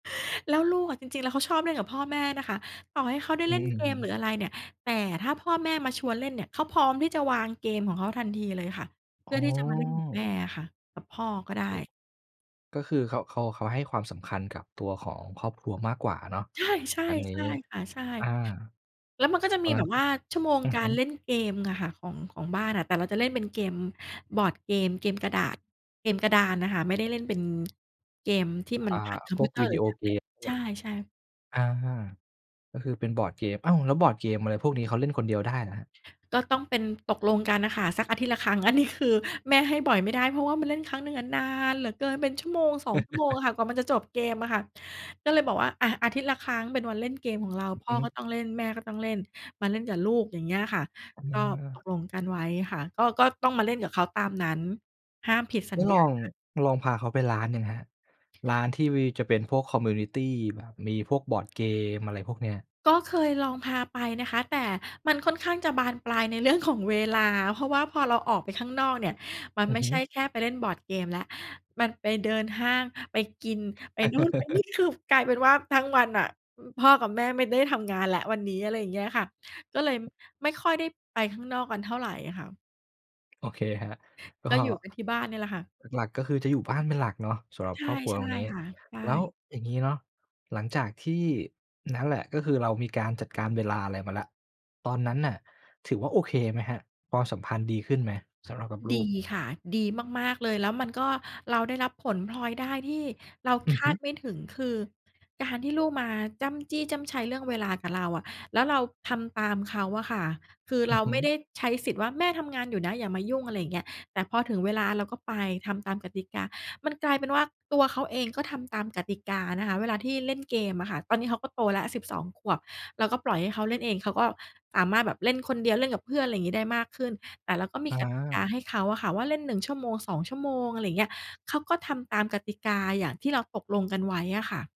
แล้วลูกอะ จริง ๆ แล้วเขาชอบเล่นกับพ่อแม่นะคะ ต่อให้เขาได้อืเล่อ นอืเกอฮมหรือึ อะไรเนี่ย แต่ถ้าพ่อแม่มาชวนเล่นเนี่ย เขาพร้อมที่จะวางเกมของเขาทันทีเลยค่ะ เพอื๋่ออ ที่จะมาเล่นกับแม่อะค่ะ กับพ่อก็ได้ โอ้ ก็คือเขา เขา เขาให้ความสำคัญกับตัวของครอบครัวมากกว่าเนาะใช่ ๆ อันนี้ ใช่ค่ะ ใช่ อา แล้วมันก็จะตอมีนนแับ้นบก็ ว่าชั่วโมงอือกาฮึ รเล่นเกมอะค่ะ ของ ของบ้านอะ แต่เราจะเล่นเป็นเกม บอร์ดเกม เกมกระดาษ เกมกระดานน่ะค่ะ ไม่ได้เล่นเป็นเกมที่มัอน่า ผ่านคอมพพวิกวเตอวริ์หดรืีโออแท็บเเกล็ต ม เงใีช้ย ่ ๆ อา ก็คือเป็นบอร์ดเกม อ้าว แล้วบอร์ดเกม อะไรพวกนี้ เขาเล่นคนเดียวได้เหรอครับ? ก็ต้องเป็น ตกลงกันน่ะค่ะ สักอาทิตย์ละครั้ง อันนี้คือแม่ให้บ่อยไม่ได้ เพราะว่ามันเล่นครั้งหนึ่งอะนานเหลือเกิน เป็น 1-2 ชั่วโมงอะค่ะกว่ามันจะจบเกมอะค่ะ ก็เลยบอกว่า อะ อาทิตย์ละครั้งเป็นวันเล่นเกมของเรา อืพอ่ฮอก็ึ ต้องเล่น แม่ก็ต้องเล่น มาเล่นกับลูก อย่างเงี้ยค่ะ อก็ตา กลงกันไว้ค่ะ ก็ ก็ต้องมาเล่นกับเขาตามนั้น ห้ามผิดสัไดญ้ญลอง า ลองพาเขาไปร้านยังครับ ร้านที่วีจะเป็นพวก คอมมิวนิตี แบบมีพวกบอร์ดเกม อะไรพวกเนี้ย? ก็เคยลองพาไปนะคะ แต่มันค่อนข้างจะบานปลายในเรื่องของเวลา เพราะว่าพอเราออกไปข้างนอกเนี่ย มันอืไอม่ฮใช่ึ แค่ไปเล่นบอร์ดเกมแล้ว มันไปเดินห้าง ไปกิน ไปนู่นไปนี่ สรุปกลายเป็นว่าทั้งวันน่ะ พ่อกับแม่ไม่ได้ทำงานแล้ววันนี้ อะไรอย่างเงี้ยค่ะ ก็เลยไม่ค่อยได้ไปข้างนอกกันเท่าไรอะค่ะ โอเคครับ ก็ ก็อยู่กันที่บ้านเนี่ยแหละค่ะ หลัก ๆ ก็คือจะอยู่บ้านเป็นหลักเนาะ สำหรัใบชค่ รอบครัวใชต่รงนี้ ค่ะ ใชแล้ว่ อย่างงี้เนาะ หลังจากที่นั่นแหละ ก็คือเรามีการจัดการเวลาอะไรมาแล้ว ตอนนั้นน่ะถือว่าโอเคไหมครับ? ความสัมพันธ์ดีขึ้นไหมสำหรับกับลดูีก? ค่ะ ดีมาก ๆ เลย แล้วมันก็ เราได้รับผลพลอยได้ที่เราอืคอฮาึ ดไม่ถึง คือการที่ลูกมาจ้ำจี้จ้ำไชเรื่องเวลากับเราอะ แล้วเราทำตามเขาอะค่ะ คืออเืรอาฮึ ไม่ได้ใช้สิทธิ์ว่า "แม่ทำงานอยู่นะ อย่ามายุ่ง" อะไรอย่างเงี้ย แต่พอถึงเวลาเราก็ไป ทำตามกติกา มันกลายเป็นว่า ตัวเขาเองก็ทำตามกติกานะคะ เวลาที่เล่นเกมอะค่ะ ตอนนี้เขาก็โตแล้ว 12 ขวบ เราก็ปล่อยให้เขาเล่นเอง เขาก็สามารถแบบเล่นคนเดียว เล่นกับเพื่อน อะไรงี้ ได้มากขึ้น แต่เราก็มีกติกาอา ให้เขาอะค่ะว่าเล่น 1 ชั่วโมง 2 ชั่วโมง อะไรเงี้ย เขาก็ทำตามกติกาอย่างที่เราตกลงกันไว้อะค่ะ